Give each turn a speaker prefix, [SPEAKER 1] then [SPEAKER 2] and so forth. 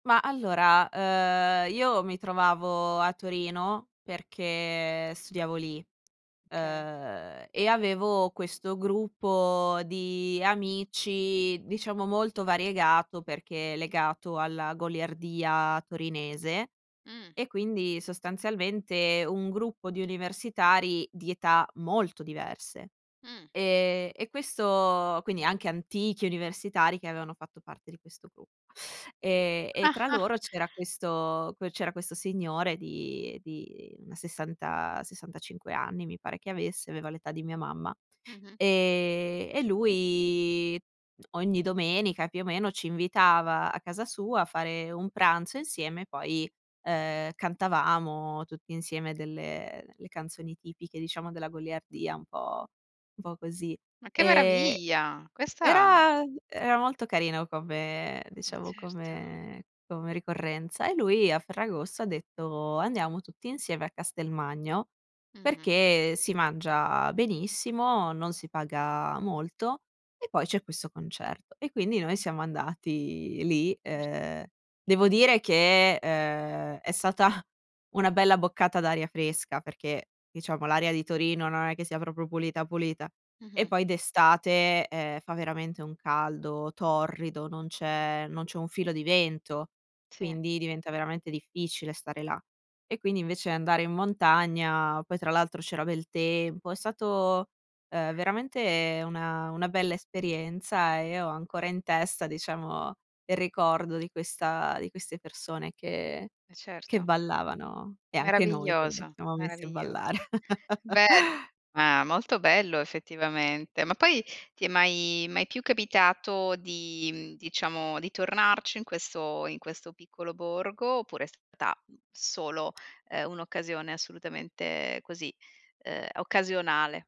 [SPEAKER 1] Ma, allora, uhm, io mi trovavo a Torino perché studiavo lì,
[SPEAKER 2] Okay.
[SPEAKER 1] uhm, e avevo questo gruppo di amici, diciamo, molto variegato, perché legato alla goliardia torinese.
[SPEAKER 2] Mh.
[SPEAKER 1] E quindi, sostanzialmente, un gruppo di universitari di età molto diverse.
[SPEAKER 2] Mh.
[SPEAKER 1] Ehm, e questo quindi anche antichi universitari che avevano fatto parte di questo gruppo. Ehm, e tra loro c'era questo que c'era questo signore di di una 60, 65 anni, mi pare che avesse, aveva l'età di mia mamma.
[SPEAKER 2] Mh-mh.
[SPEAKER 1] Ehm, e lui, mh, ogni domenica, più o meno, ci invitava a casa sua a fare un pranzo insieme, e poi, ehm, cantavamo tutti insieme delle le canzoni tipiche, diciamo, della goliardia, un po' un po' così.
[SPEAKER 2] Ma che
[SPEAKER 1] Ehm,
[SPEAKER 2] meraviglia. Questa
[SPEAKER 1] era era molto carino come
[SPEAKER 2] Ma
[SPEAKER 1] diciamo
[SPEAKER 2] certo.
[SPEAKER 1] come come ricorrenza; e lui a Ferragosto ha detto: "Andiamo tutti insieme a Castelmagno
[SPEAKER 2] Mh-mh.
[SPEAKER 1] perché si mangia benissimo, non si paga molto e poi c'è questo concerto." E, quindi, noi siamo andati lì.
[SPEAKER 2] Certo.
[SPEAKER 1] Uhm, devo dire che, uhm, è stata una bella boccata d'aria fresca perché, diciamo, l'aria di Torino non è che sia proprio pulita, pulita. E
[SPEAKER 2] Mh-mh.
[SPEAKER 1] poi d'estate, ehm, fa veramente un caldo torrido, non c'è non c'è un filo di vento,
[SPEAKER 2] Sì.
[SPEAKER 1] quindi diventa veramente difficile stare là. E, quindi, invece andare in montagna poi tra l'altro c'era bel tempo, è stato, uhm, veramente una una bella esperienza, e io ho ancora in testa, diciamo, il ricordo di questa di queste persone che
[SPEAKER 2] Eh,
[SPEAKER 1] che
[SPEAKER 2] certo.
[SPEAKER 1] ballavano e anche noi che ci
[SPEAKER 2] Meraviglioso,
[SPEAKER 1] siamo messi a
[SPEAKER 2] meraviglioso.
[SPEAKER 1] ballare.
[SPEAKER 2] Beh ma molto bello, effettivamente. Ma poi ti è mai mai più capitato di, mhmm, diciamo di tornarci in questo in questo piccolo borgo, oppure è stata, mh, solo, uhm, un'occasione assolutamente così, uhm, occasionale?